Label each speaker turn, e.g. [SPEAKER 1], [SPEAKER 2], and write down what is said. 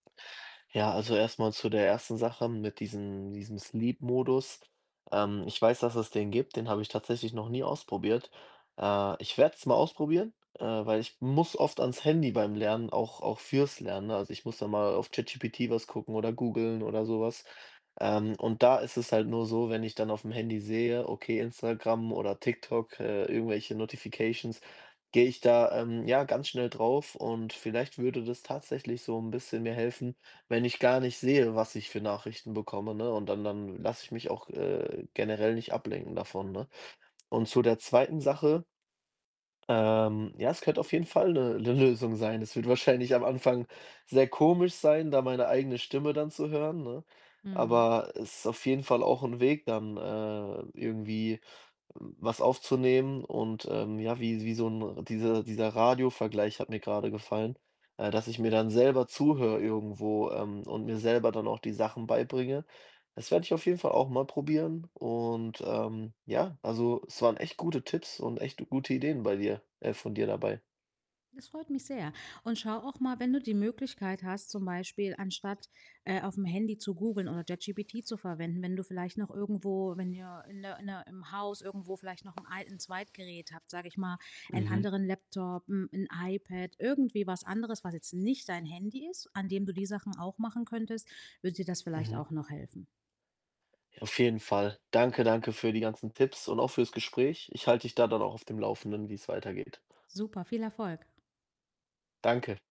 [SPEAKER 1] Ja, also erst mal zu der 1. Sache mit diesem diesem Sleep Modus. Ähm, ich weiß, dass es den gibt, den habe ich tatsächlich noch nie ausprobiert. Äh, ich werde es mal ausprobieren, äh, weil ich muss oft ans Handy beim Lernen auch auch für's Lernen, ne? Also, ich muss dann mal auf ChatGPT was gucken oder googeln oder so was. Ähm, und da ist es halt nur so, wenn ich dann auf'm Handy sehe, okay, Instagram oder TikTok, äh, irgendwelche Notifications, gehe ich da, ähm, ja, ganz schnell drauf und vielleicht würde das tatsächlich so 'n bisschen mir helfen, wenn ich gar nicht sehe, was ich für Nachrichten bekomme, ne, und dann dann lasse ich mich auch, äh, generell nicht ablenken davon, ne? Und zu der 2. Sache ähm, ja, es könnte auf jeden Fall 'ne 'ne Lösung sein. Es wird wahrscheinlich am Anfang sehr komisch sein, da meine eigene Stimme dann zu hören, ne?
[SPEAKER 2] Mhm.
[SPEAKER 1] Aber es ist auf jeden Fall auch 'n Weg, dann, äh, irgendwie w was aufzunehmen und, ähm, ja, wie wie so 'n diese dieser Radiovergleich hat mir gerade gefallen äh, dass ich mir dann selber zuhöre irgendwo, ähm, und mir selber dann auch die Sachen beibringe. Das werde ich auf jeden Fall auch mal probieren und, ähm, ja, also es waren echt gute Tipps und echt gute Ideen bei dir äh, von dir dabei.
[SPEAKER 2] Das freut mich sehr. Und schau auch mal, wenn du die Möglichkeit hast, zum Beispiel anstatt, äh, auf'm Handy zu googeln oder ChatGPT zu verwenden, wenn du vielleicht noch irgendwo wenn ihr in 'ner in 'ner im Haus irgendwo vielleicht noch 'n alten Zweitgerät habt, sage ich mal, 'n
[SPEAKER 1] Mhm.
[SPEAKER 2] anderen Laptop, hm, 'n iPad, irgendwie was anderes, was jetzt nicht dein Handy ist, an dem du die Sachen auch machen könntest, würde dir das vielleicht
[SPEAKER 1] Mhm.
[SPEAKER 2] auch noch helfen.
[SPEAKER 1] Auf jeden Fall. Danke, danke für die ganzen Tipps und auch für's Gespräch. Ich halt dich da dann auch auf dem Laufenden, wie's weitergeht.
[SPEAKER 2] Super, viel Erfolg.
[SPEAKER 1] Danke.